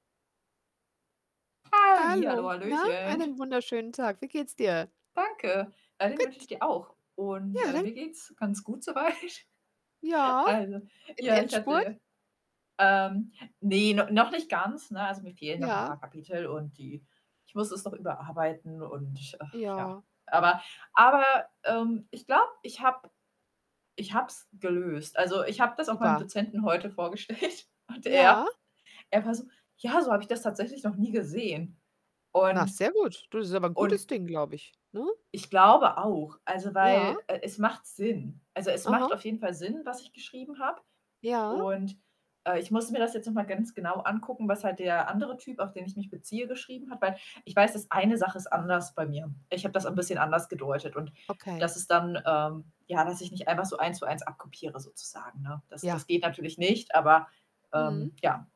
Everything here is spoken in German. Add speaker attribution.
Speaker 1: Hallihallo,
Speaker 2: Hallo. Na,
Speaker 1: Hallöchen.
Speaker 2: einen wunderschönen Tag. Wie geht's dir?
Speaker 1: Danke, ja, den wünsche
Speaker 2: Gut.
Speaker 1: ich dir auch. Und,
Speaker 2: Ja,
Speaker 1: äh,
Speaker 2: dann
Speaker 1: mir geht's ganz gut soweit,
Speaker 2: Ja,
Speaker 1: also
Speaker 2: im
Speaker 1: ja, ich
Speaker 2: Endspurt?
Speaker 1: hatte ähm, ne, no noch nicht ganz, ne, also, mir fehlen noch 'n
Speaker 2: Ja.
Speaker 1: paar Kapitel und die ich muss es noch überarbeiten und, äh, ja.
Speaker 2: Ja.
Speaker 1: Aber aber, ähm, ich glaube, ich habe ich habe es gelöst. Also, ich habe das auch meinem
Speaker 2: Super.
Speaker 1: Dozenten heute vorgestellt, und er
Speaker 2: Ja.
Speaker 1: er war so: „Ja, so habe ich das tatsächlich noch nie gesehen.“
Speaker 2: Na,
Speaker 1: Und
Speaker 2: sehr gut. Du, das ist aber 'n
Speaker 1: und
Speaker 2: gutes Ding, glaube ich, ne?
Speaker 1: ich glaube auch, also,
Speaker 2: Ja.
Speaker 1: weil, äh, es macht Sinn. Also, es
Speaker 2: Aha.
Speaker 1: macht auf jeden Fall Sinn, was ich geschrieben habe.
Speaker 2: Ja.
Speaker 1: Und, äh, ich musste mir das jetzt noch mal ganz genau angucken, was halt der andere Typ, auf den ich mich beziehe, geschrieben hat, weil ich weiß, dass eine Sache ist anders bei mir. Ich habe das 'n bisschen anders gedeutet und
Speaker 2: Okay.
Speaker 1: das ist dann, ähm ja, dass ich nicht einfach so Eins-zu-eins abkopiere sozusagen, ne? Das
Speaker 2: Ja.
Speaker 1: das geht natürlich nicht, aber,
Speaker 2: Mhm.
Speaker 1: ähm, ja.